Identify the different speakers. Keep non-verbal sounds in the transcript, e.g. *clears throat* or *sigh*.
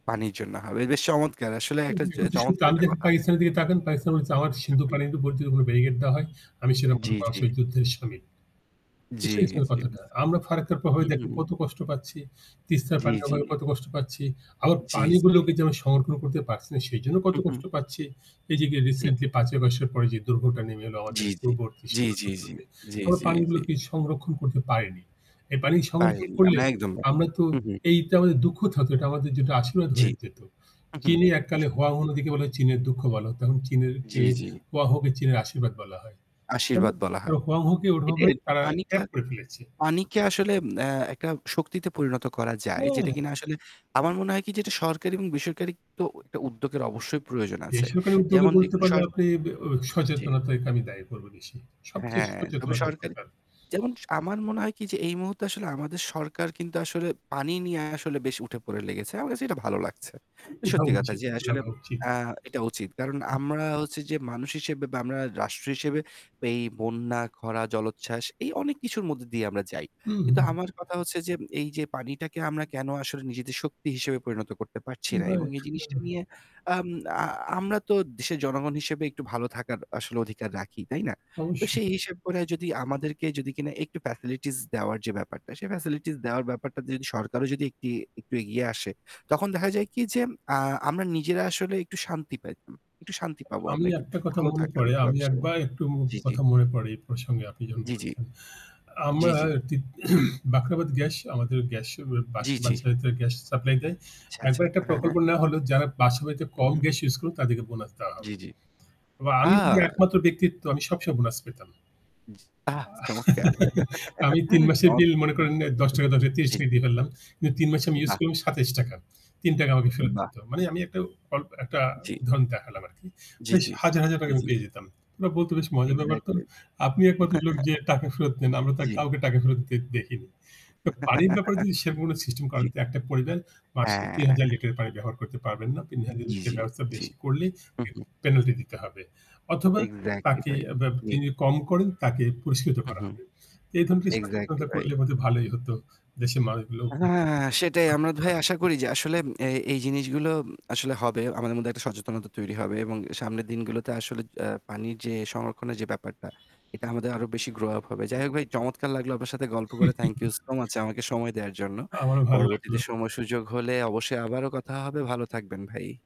Speaker 1: পানির জন্য হবে। বেশ চমৎকার। আসলে একটা চ চমৎকার একটা
Speaker 2: *unintelligible*
Speaker 1: কথা।
Speaker 2: পাকিস্তানের দিকে তাকান। পাকিস্তান বলছে, “আমার সিন্ধু
Speaker 1: হুম।
Speaker 2: পানিতে যদি কোনো ব্যারিকেড দেওয়া হয়, আমি সেনা
Speaker 1: জ্বি,
Speaker 2: প্রধান
Speaker 1: জ্বি।
Speaker 2: যুদ্ধে শামিল।” এ
Speaker 1: জ্বী,
Speaker 2: সেই ছিল
Speaker 1: জ্বী।
Speaker 2: কথাটা।
Speaker 1: বুঝতে
Speaker 2: আমরা ফারাক্কার প্রভাবে
Speaker 1: হু,
Speaker 2: দেখেন
Speaker 1: হু।
Speaker 2: কত কষ্ট পাচ্ছি, তিস্তার
Speaker 1: জ্বি,
Speaker 2: পানির
Speaker 1: জ্বি।
Speaker 2: অভাবে কত কষ্ট পাচ্ছি। আবার
Speaker 1: জ্বি, জ্বি।
Speaker 2: পানিগুলোকে যে আমি সংরক্ষণ করতে পারছি না, সেজন্য কত
Speaker 1: হু, হু।
Speaker 2: কষ্ট পাচ্ছি। এই যে
Speaker 1: ঠিক।
Speaker 2: রিসেন্টলি ৫ই আগস্টের পরে যে দুর্ভোগটা নেমে এলো আমাদের
Speaker 1: জ্বি, জ্বি,
Speaker 2: পূর্বাঞ্চলীয়
Speaker 1: জ্বি, জ্বি, জ্বি,
Speaker 2: সীমান্তগুলোতে,
Speaker 1: জ্বি,
Speaker 2: আমরা
Speaker 1: জ্বি, জ্বি।
Speaker 2: পানিগুলোকে সংরক্ষণ করতে পারিনি। এই পানি
Speaker 1: পালি
Speaker 2: সংরক্ষণ করলে
Speaker 1: আমরা একদম ভাই।
Speaker 2: আমরা তো
Speaker 1: হু, হু।
Speaker 2: এটা আমাদের দুঃখ থাকত না এটা আমাদের যেটা আশীর্বাদ
Speaker 1: জ্বি।
Speaker 2: হয়ে যেত।
Speaker 1: হু, হু
Speaker 2: চীনে এক কালে
Speaker 1: ঠিক,
Speaker 2: 'Huang
Speaker 1: ঠি
Speaker 2: He' নদীকে বলা হতো চীনের দুঃখ। এখন
Speaker 1: জ্বি, জ্বি।
Speaker 2: 'Huang He'-কে চীনের আশীর্বাদ বলা হয়। কেন?
Speaker 1: আশীর্বাদ বলা হয়।
Speaker 2: 'Huang He'-কে
Speaker 1: এটাই
Speaker 2: ওভাবে
Speaker 1: আর কি।
Speaker 2: তারা
Speaker 1: পানিটা,
Speaker 2: ক্যাপ করে ফেলেছে।
Speaker 1: পানিকে আসলে আ একটা শক্তিতে পরিণত করা যায়। যেটা
Speaker 2: হ্যাঁ।
Speaker 1: কিনা আসলে আমার মনে হয় কি যেটা সরকারি এবং বেসরকারি তো একটা উদ্যোগের অবশ্যই প্রয়োজন আছে।
Speaker 2: বেসরকারি উদ্যোগ
Speaker 1: যেমন
Speaker 2: বলতে
Speaker 1: দেখুন
Speaker 2: পারলে
Speaker 1: সর
Speaker 2: আপনি ব্যা
Speaker 1: জ্বি।
Speaker 2: সচেতনতাকে আমি দায়ী করব বেশি সবচেয়ে
Speaker 1: হ্যাঁ, তবে
Speaker 2: সচেতনতার
Speaker 1: সরকারি,
Speaker 2: দরকার।
Speaker 1: যেমন আমার মনে হয় কী, যে এই মুহূর্তে আসলে আমাদের সরকার কিন্তু আসলে পানি নিয়ে আসলে বেশ উঠে-পড়ে লেগেছে। আমার কাছে এটা ভালো লাগছে। এটা
Speaker 2: ওঠা
Speaker 1: সত্যি কথা
Speaker 2: উচিত
Speaker 1: যে, আসলে
Speaker 2: লাগা উচিত।
Speaker 1: আ এটা উচিত। কারণ আমরা হচ্ছে যে মানুষ হিসেবে বা রাষ্ট্র হিসেবে এই বন্যা, খরা, জলোচ্ছ্বাস, এই অনেক কিছুর মধ্যে দিয়ে আমরা যাই। কিন্তু
Speaker 2: উহু।
Speaker 1: আমার কথা হচ্ছে যে এই যে পানিটাকে আমরা কেন আসলে নিজেদের শক্তি হিসেবে পরিণত করতে পারছি না? এবং
Speaker 2: রাইট
Speaker 1: এই জিনিসটা
Speaker 2: রা
Speaker 1: নিয়ে আম আ আমরা তো দেশের জনগণ হিসেবে একটু ভালো থাকার আসলে অধিকার রাখি, তাই না? তো
Speaker 2: অবশ্যই।
Speaker 1: সেই হিসাব করে যদি আমাদেরকে যদি কিনা একটু ফ্যাসিলিটিজ দেওয়ার যে ব্যাপারটা, সেই ফ্যাসিলিটিজ দেওয়ার ব্যাপারটাতে সরকারও যদি একটি একটু এগিয়ে আসে, তখন দেখা যায় কী, যে আ আমরা নিজেরা আসলে একটু শান্তি পাইতাম। একটু শান্তি
Speaker 2: অ
Speaker 1: পাব
Speaker 2: আমি
Speaker 1: আমরা। একটু
Speaker 2: একটা কথা
Speaker 1: ভালো
Speaker 2: মনে
Speaker 1: থাকার
Speaker 2: পড়ে।
Speaker 1: একটা
Speaker 2: আমি
Speaker 1: ব্যবস্থা।
Speaker 2: একবার একটু মু
Speaker 1: জী, জী।
Speaker 2: কথা মনে পড়ে, এই প্রসঙ্গে আপনি যখন
Speaker 1: জ্বি, জ্বি।
Speaker 2: বলছেন।
Speaker 1: জ্বি,
Speaker 2: আমরা
Speaker 1: জ্বি।
Speaker 2: এতিত *clears throat* বাখরাবাদ গ্যাস আমাদের গ্যাস ব্যা
Speaker 1: জ্বি, জ্বি।
Speaker 2: বাসায় গ্যাস সাপ্লাই দেয়।
Speaker 1: আচ্ছা, আচ্ছা,
Speaker 2: একবার একটা
Speaker 1: আ
Speaker 2: প্রকল্প
Speaker 1: হ্যাঁ।
Speaker 2: নেওয়া হলো, যারা বাসাবাড়িতে কম
Speaker 1: উহু।
Speaker 2: গ্যাস ইউজ করে, তাদেরকে বোনাস দেওয়া হবে।
Speaker 1: জ্বি, জ্বি।
Speaker 2: বা
Speaker 1: আ
Speaker 2: আমি যদি একমাত্র ব্যক্তিত্ব আমি সব সময় বোনাস পেতাম।
Speaker 1: জি আহ চমৎকার।
Speaker 2: *chuckles* আমি ৩ মাসের বিল,
Speaker 1: চমৎকার
Speaker 2: মনে
Speaker 1: ভাই।
Speaker 2: করেন, ৳১০, ৳১০, ৳৩০ দিয়ে ফেললাম। কিন্তু ৩ মাসে আমি ইউজ
Speaker 1: বাহ!
Speaker 2: করলাম ৳২৭। ৳৩ আমাকে ফেরত
Speaker 1: বাহ!
Speaker 2: দিত। মানে, আমি একটা অল একটা
Speaker 1: জ্বি।
Speaker 2: উদাহরণ দেখালাম আরকি।
Speaker 1: জি,
Speaker 2: বেশ,
Speaker 1: জি,
Speaker 2: হাজার, হাজার
Speaker 1: জি,
Speaker 2: আমি
Speaker 1: জি।
Speaker 2: পেয়ে যেতাম। ওরা বলত, “বেশ মজার ব্যাপার তো।
Speaker 1: এক্সাক্টলি।
Speaker 2: আপনি একমাত্র লোক যে টাকা ফেরত নেন।
Speaker 1: *chuckles*
Speaker 2: আমরা তো
Speaker 1: জ্বী।
Speaker 2: কাউকে টাকা ফেরত দিতে দেখিনি।” পানির ব্যাপারে যদি
Speaker 1: *chuckles*
Speaker 2: সেরকম কোনো সিস্টেম করে,
Speaker 1: জ্বি।
Speaker 2: একটা পরিবার মাসে ৩,০০০
Speaker 1: হ্যাঁ।
Speaker 2: লিটার পানি ব্যবহার করতে পারবে না। তিন
Speaker 1: জ্বী, জ্বী,
Speaker 2: হাজার-এর
Speaker 1: জ্বী।
Speaker 2: বেশি করলেই
Speaker 1: হুঁ, হুঁ।
Speaker 2: পেনাল্টি দিতে হবে। অথবা
Speaker 1: এক্সাক্টলি
Speaker 2: তাকে
Speaker 1: ভাই।
Speaker 2: অ্যা ব্যা তিনি কম করেন, তাকে পুরস্কৃত
Speaker 1: হু
Speaker 2: করা
Speaker 1: হু।
Speaker 2: হবে। এই ধরনের
Speaker 1: এক্সাক্টলি
Speaker 2: সচেতনতা
Speaker 1: ভাই।
Speaker 2: করলে ভালোই হতো। দেশের মানুষগুলো
Speaker 1: আ হ্যাঁ, হ্যাঁ, সেটাই। আমরা, ভাই, আশা করি যে
Speaker 2: *unintelligible*
Speaker 1: আসলে এ এই জিনিসগুলো আসলে হবে। আমাদের মধ্যে একটা সচেতনতা তৈরি হবে। এবং সামনের দিনগুলোতে আসলে-এ পানির যে সংরক্ষণের যে ব্যাপারটা, এটা আমাদের আরও বেশি গ্রো আপ হবে। যাই হোক, ভাই, চমৎকার লাগল আপনার সাথে গল্প করে। থ্যাংক ইউ সো মাচ
Speaker 2: *laughs*
Speaker 1: আমাকে সময় দেওয়ার জন্য।
Speaker 2: আমারও ভাল লাগল।
Speaker 1: পরবর্তীতে সময়-সুযোগ হলে অবশ্যই আবারও কথা হবে। ভালো থাকবেন, ভাই।